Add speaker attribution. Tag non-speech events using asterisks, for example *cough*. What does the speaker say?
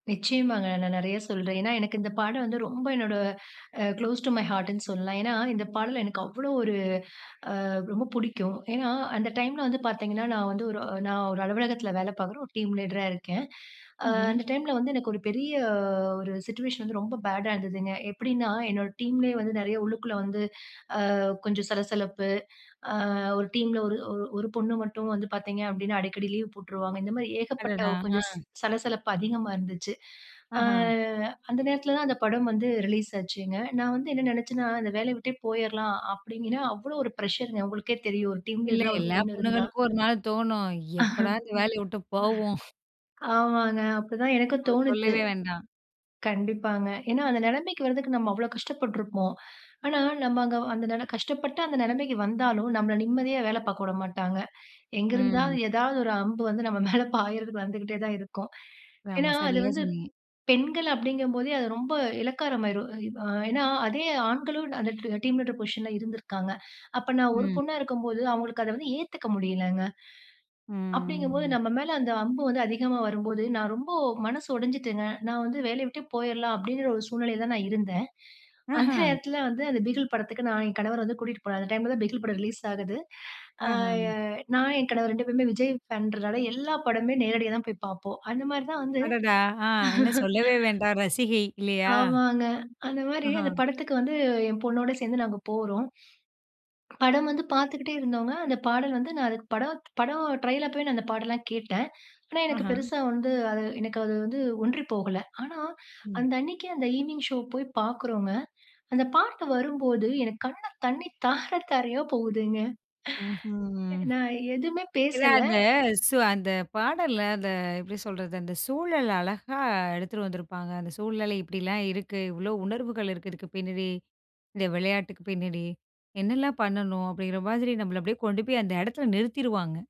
Speaker 1: நிச்சியமாங்க. நான் நெறைய சொல்றேன். ஏனா, எனக்கு இந்த பாடல் வந்து ரொம்ப என்னோட அ "க்ளோஸ் டூ மை ஹார்ட்டுன்னு" சொல்லலாம். ஏனா, இந்த பாடல் எனக்கு அவ்வளோ ஒரு, அ ரொம்ப புடிக்கும். ஏனா, அந்த டைம்ல வந்து பார்த்தீங்கன்னா, நான் வந்து ஒரு நான் ஒரு அலுவலகத்தில வேலை பார்க்குற ஒரு டீம் லீடரா இருக்கேன். ஆ
Speaker 2: ம்ஹ்ம்.
Speaker 1: அந்த டைம்ல வந்து எனக்கு ஒரு பெரிய ஒரு சிட்யூயேஷன் வந்து ரொம்ப பேடா இருந்ததுங்க. எப்டின்னா, என்னோட டீம்லயே வந்து நெறைய உள்ளுக்குள்ள வந்து அ கொஞ்சம் சலசலப்பு. அ ஒரு டீம்ல ஒரு ஒரு பொண்ணு மட்டும் வந்து பார்த்தீங்க அப்டின்னா, அடிக்கடி லீவ் போட்டுருவாங்க. இந்த மாரி ஏகப்பட்ட
Speaker 2: அடடா!
Speaker 1: கொஞ்சம் ச
Speaker 2: ஆ.
Speaker 1: சலசலப்பு அதிகமா இருந்துச்சு. ஆ
Speaker 2: ஆஹா.
Speaker 1: அந்த நேரத்தில தான் அந்த படம் வந்து ரிலீஸ் ஆச்சுங்க. நான் வந்து என்ன நெனைச்சேன்னா, இந்த வேலைய விட்டே போயரலாம் அப்படின்னு, அவ்வளோ ஒரு பிரஷர் உங்களுக்கே தெரியும். ஒரு டீம்
Speaker 2: இல்ல,
Speaker 1: லீடரா ஒரு
Speaker 2: இல்ல.
Speaker 1: பொண்ணு இருந்தா.
Speaker 2: பொண்ணுகளுக்கும் ஒரு நாள் தோணும். எப்போடா இந்த வேலைய வுட்டு போவோம். *chuckles*
Speaker 1: *laughs* ஆமாங்க. அப்டி தான் எனக்கும்
Speaker 2: அத
Speaker 1: தோணுச்சு.
Speaker 2: சொல்லவே வேண்டாம்.
Speaker 1: கண்டிப்பாங்க. ஏன்னா, அந்த நெலைமைக்கு வரதுக்கு நம்ம அவ்வளோ கஷ்டப்பட்டுருப்போம். ஆனா நம்ம அங்க அந்த கஷ்டப்பட்டு அந்த நெலைமைக்கு வந்தாலும், நம்மள நிம்மதியா வேல பார்க்க வுட மாட்டாங்க. எங்க இருந்தாது
Speaker 2: ம்.
Speaker 1: ஏதாவது ஒரு அம்பு வந்து நம்ம மேல பாயறதுக்கு வந்துகிட்டே தான் இருக்கும்.
Speaker 2: ஆமா,
Speaker 1: ஏனா, அது
Speaker 2: சரியா
Speaker 1: வந்து
Speaker 2: சொன்னீங்க.
Speaker 1: பெண்கள் அப்டிங்கும்போதே, அது ரொம்ப இலக்காரமாயிரும். அ ஏனா, அதே ஆண்களும் அந்த டீம் லீடர் பொசிஷன்ல இருந்திருக்காங்க. அப்ப நான் ஒரு
Speaker 2: ம்.
Speaker 1: பொண்ணா இருக்கும்போது அவங்களுக்கு அத வந்து ஏத்துக்க முடியலங்க. அப்டிங்கும்போது
Speaker 2: ம்.
Speaker 1: நம்ம மேல அந்த அம்பு வந்து அதிகமா வரும்போது, நான் ரொம்ப மனசு உடைஞ்சுட்டங்க. நான் வந்து வேலைய விட்டே போய்ரலாம் அப்டிங்கிற ஒரு சூழ்நிலையில தான் நான் இருந்தேன். அந்த
Speaker 2: ஆஹா.
Speaker 1: நேரத்தில வந்து அந்த பிகில் படத்துக்கு நான் என் கணவர் வந்து கூட்டிட்டு போனார். அந்த டைம்ல தான் பிகில் படம் ரிலீஸ் ஆகுது. ஆ
Speaker 2: ஆஹ.
Speaker 1: நான் என் கணவர் 2 பேருமே விஜய் பான்றனால எல்லா படமே நேரடியா தான் போய் பார்ப்போம். அந்த மாரி தான் வந்து
Speaker 2: அடடா! ஆ, இன்னும்
Speaker 1: *laughs*
Speaker 2: சொல்லவே வேண்டாம் ரசிகை இல்லையா?
Speaker 1: ஆமாங்க. அந்த மாரி
Speaker 2: ஆஹா.
Speaker 1: அந்த படத்துக்கு வந்து என் பொண்ணோட சேர்ந்து நாங்க போறோம். படம் வந்து பார்த்துக்குட்டே இருந்தோங்க. அந்த பாடல் வந்து நான் படம் படம் ட்ரெயில் அப்பவே அந்த பாடல்லாம் கேட்டேன். ஆனா எனக்கு
Speaker 2: ஆஹ.
Speaker 1: பெருசா வந்து எனக்கு அது வந்து ஒன்றி போகல. ஆனா,
Speaker 2: ம்.
Speaker 1: அந்த அன்னைக்கே அந்த ஈவனிங் ஷோ போய் பார்க்குறோங்க. அந்த பாட்டு வரும்போது எனக்கு கண்ல தண்ணீ தார தாரையா போகுதுங்க.
Speaker 2: ம்ஹ்ம், ம்.
Speaker 1: நான் எதுவுமே
Speaker 2: ஏனா, அந்த
Speaker 1: பேசல.
Speaker 2: சு அந்த பாடல்ல அந்த எப்டி சொல்றது? அந்த சூழல் அழகா எடுத்துட்டு வந்துருப்பாங்க. அந்த சூழ்நிலை இப்டிலாம் இருக்கு. இவ்வளோ உணர்வுகள் இருக்கு இதுக்கு பின்னாடி, இந்த விளையாட்டுக்கு பின்னாடி என்னலாம் பண்ணணும்? அப்டிங்கிற மாரி நம்மள அப்டியே கொண்டு போய் அந்த இடத்துல நிறுத்திருவாங்க.